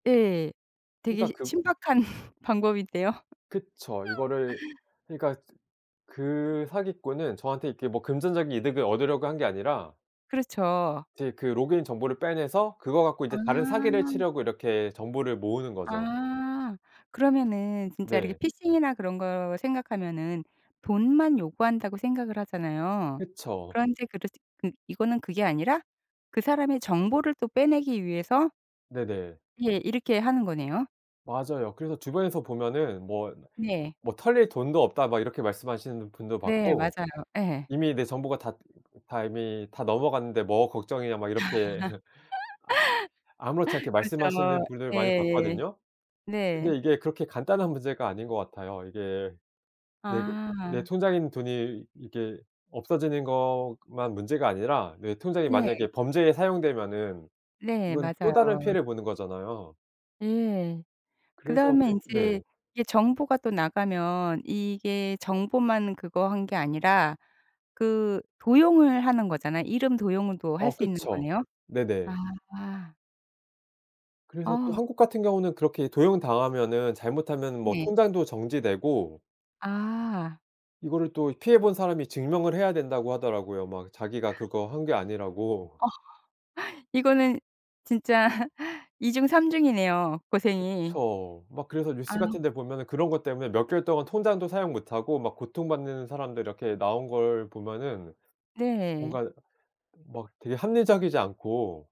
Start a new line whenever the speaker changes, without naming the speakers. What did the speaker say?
예. 되게
그러니까 그
신박한 방법인데요.
그쵸. 이거를 그러니까 그 사기꾼은 저한테 이렇게 금전적인 이득을 얻으려고 한 게 아니라
그렇죠.
제 그 로그인 정보를 빼내서 그거 갖고
아.
이제 다른 사기를 치려고 이렇게 정보를 모으는 거죠.
아. 그러면은 진짜 이렇게
네.
피싱이나 그런 거 생각하면은 돈만 요구한다고 생각을 하잖아요.
그쵸.
그런데 그르치 그 이거는 그게 아니라 그 사람의 정보를 또 빼내기 위해서
네네.
예. 이렇게 하는 거네요.
맞아요. 그래서 주변에서 보면은 "뭐
네.
뭐 털릴 돈도 없다." 이렇게 말씀하시는 분도
네.
봤고.
맞아요. 예.
"이미 내 정보가 다 다 이미 다 넘어갔는데 뭐가 걱정이냐?" 막 이렇게 아 아무렇지 않게
그죠.
말씀하시는 분들 많이
예.
봤거든요.
네.
근데 이게 그렇게 간단한 문제가 아닌 것 같아요. 이게 내 그 내
아.
통장에 있는 돈이 이게 없어지는 것만 문제가 아니라 내 통장이
네.
만약에 범죄에 사용되면은
네.
이건 또 다른
맞아요.
피해를 보는 거잖아요.
예.
그래서
그다음에
그 네.
인제 이게 정보가 또 나가면 이게 정보만 그거 한 게 아니라 그 도용을 하는 거잖아요. 이름 도용도 할
어.
수 있는
그쵸.
거네요?
네네.
아.
그래서 또
아.
한국 같은 경우는 그렇게 도용당하면은 잘못하면 뭐
네.
통장도 정지되고
아.
이거를 또 피해본 사람이 증명을 해야 된다고 하더라고요. 막 자기가 그거 한 게 아니라고.
어. 이거는 진짜 이중 삼중이네요 고생이.
그쵸. 막 그래서 뉴스
아.
같은데 보면은 그런 것 때문에 몇 개월 동안 통장도 사용 못하고 막 고통받는 사람들 이렇게 나온 걸 보면은
네.
뭔가 막 되게 합리적이지 않고